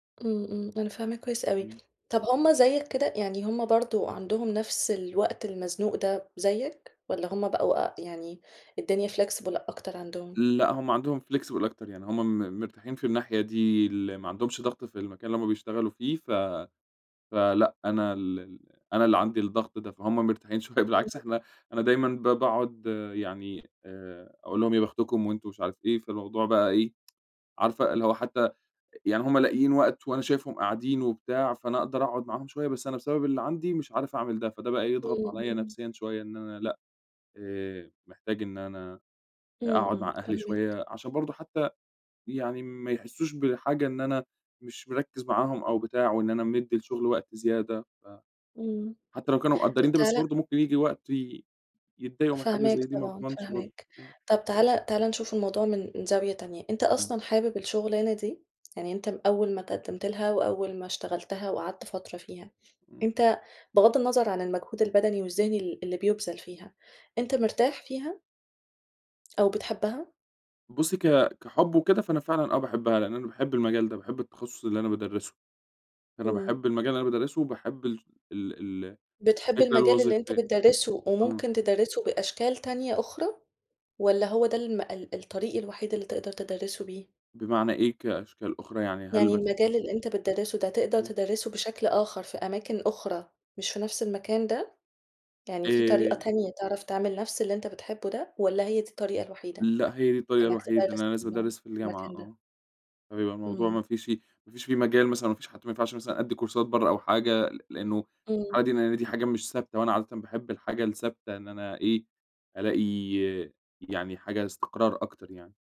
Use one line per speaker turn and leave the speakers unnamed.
امم، امم، أنا فاهماك كويِّس أوي،
امم.
طب همّ زيَّك كده؟ يعني همّ برضو عندهم نفس الوقت المزنوق ده زيَّك، والَّا همّ بقوا آآ، يعني الدنيا flexible أكتر عندهم؟
لأ، همّ عندهم flexible أكتر يعني، همّ م مرتاحين في الناحية دي، ال ما عندهمش ضغط في المكان اللي همّ بيشتغلوا فيه، ف فلأ أنا ال أنا اللي عندي الضغط ده، فهمّ مرتاحين شويّة، بالعكس
[unintelligible]
إحنا أنا دايمًا ب باقعد يعني آآ، أقول لهم يا بختكم وأنتم مش عارف إيه، فالموضوع بقى إيه، عارفة اللي هو حتّى ي يعني همّ لاقيين وقت وأنا شايفهم قاعدين وبتاع، فأنا أقدر أقعد معاهم شويّة، بس أنا بسبب اللي عندي مش عارف أعمل ده، فده بقى يضغط
امم،
عليَّ
امم.
نفسيًا شويّة إن أنا لأ، آآ، محتاج إن أنا أ
امم،
أقعد
امم،
مع أهلي
فاهماك.
شويّة، عشان برضو حتّى يعني ما يحسُّوش بحاجة إن أنا مش مركِّز معاهم أو بتاع، وإن أنا مدِّي الشغل وقت زيادة، ف
امم،
حتّى لو كانوا
طب
مقدرين ده بس
تعال
برضو ممكن ييجي وقت ي يتضَّايقوا من حاجة
فاهماك
زي دي، ما
طبعًا
اضمنش برضو
فاهماك،
آمم.
طب تعالَ تعالَ نشوف الموضوع من من زاوية تانية، أنت
امم.
أصلًا حابب الشغلانة دي؟ يعني أنت أوّل ما اتقدمت لها وأوّل ما اشتغلتها وقعدت فترة فيها،
امم.
أنت بغض النَّظر عن المجهود البدني والذِّهني ال اللي بيبذل فيها، أنت مرتاح فيها؟ أو بتحبها؟
بُصّي، ك كحب وكده، فأنا فعلًا آه باحبها لإن أنا باحب المجال ده، باحب التخصُّص اللي أنا بادَرِّسه. أنا
امم.
باحب المجال اللي أنا بادَرِّسه وباحب ال ال ال
بتحب
الفكرة
المجال اللي أنت
الوظيفية.
بتدَرِّسه
آه.
وممكن تدَرِّسه بأشكال تانية أخرى، والَّا هوّ ده الم ال الطريق الوحيد اللي تقدر تدَرِّسه بيه؟
بمعنى إيه؟ كأشكال أخرى يعني هل
يعني
مثلًا
المجال اللي أنت بتدَرِّسه ده تقدر
امم.
تدَرِّسه بشكل آخر في أماكن أخرى مش في نفس المكان ده؟ يعني في طريقة
آآ
تانية تعرف تعمل نفس اللي أنت بتحبه ده، والَّا هي دي الطريقة الوحيدة
لأ، هي دي الطريقة
إنَّك
الوحيدة إن
تدَرِّس
أنا
[unintelligible] في
لازم أدَرِّس في الجامعة
المكان ده؟
آه، فبيبقى الموضوع
امم.
ما فيش فيه ما فيش فيه مجال مثلًا، ما فيش حد، ما ينفعش أدِّي كورسات بره أو حاجة، ل لإنه
امم.
[unintelligible] دي حاجة مش ثابتة، وأنا عادةً باحب الحاجة الثَّابتة إن أنا إيه ألاقي يعني حاجة استقرار أكتر يعني.